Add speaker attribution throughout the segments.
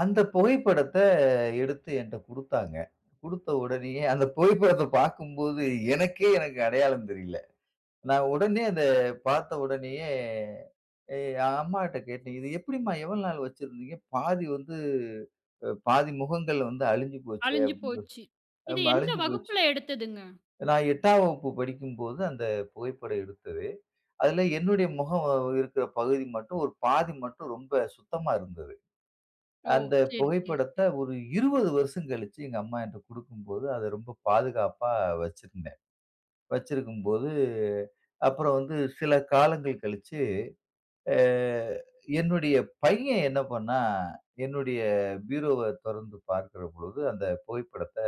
Speaker 1: அந்த புகைப்படத்த எடுத்து என்ட்ட குடுத்தாங்க. குடுத்த உடனேயே, அந்த புகைப்படத்த பாக்கும்போது, எனக்கே எனக்கு அடையாளம் தெரியல. நான் உடனே அத பாத்த உடனேயே, எ அம்மா கிட்ட கேட்டேன், "இது எப்டிம்மா எவ்வளவு நாள் வச்சிருந்தீங்க? பாதி வந்து, ப பாதி முகங்கள் வந்து அழுஞ்சு போச்சே"
Speaker 2: அழிஞ்சு
Speaker 1: அப்டினு
Speaker 2: போச்சு,
Speaker 1: சொல்லி,
Speaker 2: இது
Speaker 1: அம்மா
Speaker 2: எந்த
Speaker 1: அழுஞ்சு போச்சு.
Speaker 2: வகுப்புல எடுத்ததுங்க?
Speaker 1: நான் 8ஆம் வகுப்பு படிக்கும்போது அந்த புகைப்படம் எடுத்தது. அதில என்னுடைய முகம் இருக்ற பகுதி மட்டும், ஒரு பாதி மட்டும் ரொம்ப சுத்தமா இருந்தது.
Speaker 2: ஓ,
Speaker 1: அந்த
Speaker 2: சேரி சேரி
Speaker 1: புகைப்படத்த
Speaker 2: சேரி.
Speaker 1: ஒரு 20 வருஷம் கழிச்சு எங்க அம்மா என்ட்ட குடுக்கும்போது, அதை ரொம்ப பாதுகாப்பா வச்சிருந்தேன். வச்சிருக்கும் போது, அப்புறம் வந்து சில காலங்கள் கழிச்சு, அ என்னுடைய பையன் என்ன பண்ணான்? என்னுடைய பீரோவ தொறந்து பாக்கிற பொழுது, அந்த புகைப்படத்த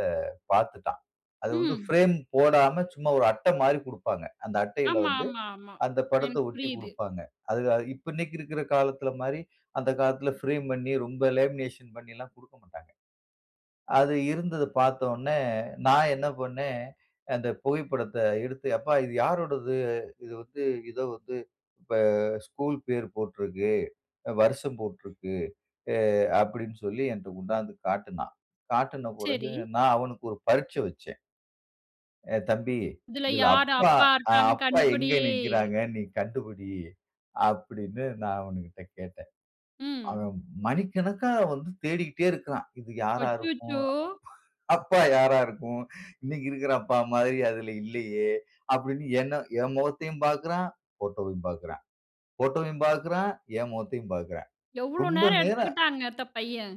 Speaker 1: பாத்துட்டான். அது வந்து
Speaker 2: ம்.
Speaker 1: ஃபிரேம் போடாம சும்மா ஒரு அட்டை மாரி குடுப்பாங்க. அந்த அட்டையில
Speaker 2: ஆமா
Speaker 1: வந்து
Speaker 2: ஆமா ஆமா.
Speaker 1: அந்த படத்தை
Speaker 2: எனக்கு
Speaker 1: ஒட்டிக்
Speaker 2: புரியுது.
Speaker 1: குடுப்பாங்க. அது அ இப்ப இன்னைக்கு இருக்கிற காலத்தில மாரி, அந்த காலத்தில ஃபிரேம் பண்ணி, ரொம்ப லேமினேஷன் குடுக்க மாட்டாங்க. அது இருந்தத பாத்த உடனே, நான் என்ன பண்ணேன்? அந்த புகைப்படத்த எடுத்து, அப்பா இது யாரோடது? இது வந்து இதோ வந்து, இப்ப ஸ்கூல் பேர் போட்டிருக்கு, வருஷம் போட்டிருக்கு, எ அப்டினு சொல்லி என்ட்ட கொண்டாந்து காட்டுனான். காட்டின பிறகு
Speaker 2: சரி.
Speaker 1: நான் அவனுக்கு ஒரு பரீட்சை வெச்சேன். ஏ தம்பி
Speaker 2: இதுல
Speaker 1: "இதில
Speaker 2: யார்
Speaker 1: அப்பா,
Speaker 2: அப்பா
Speaker 1: அ
Speaker 2: இருக்காங்கன்னு
Speaker 1: அப்பா
Speaker 2: கண்டுபிடி?
Speaker 1: எங்க நிக்கிறாங்க? நீ கண்டுபிடி" அப்டினு நான் அவனுகிட்ட கேட்டேன்.
Speaker 2: ம்.
Speaker 1: அவன் மணிக்கணக்கா வந்து தேடிக்கிட்டே இருக்கான். இது யாரா இருக்கும்?
Speaker 2: அச்சச்சோ!
Speaker 1: அப்பா யாரா இருக்கும்? இன்னைக்கு இருக்கிற அப்பா மாதிரி அதில இல்லையே! அப்டினு என்ன என் முகத்தையும் பாக்குறான்; போட்டோவயும் பாக்குறான். போட்டோவயும் பாக்குறான்; என் முகத்தையும் பாக்குறான்.
Speaker 2: எவ்வளோ
Speaker 1: ரொம்ப
Speaker 2: நேரம்
Speaker 1: நேரம்
Speaker 2: எடுத்துக்கிட்டாங்க அந்த பையன்?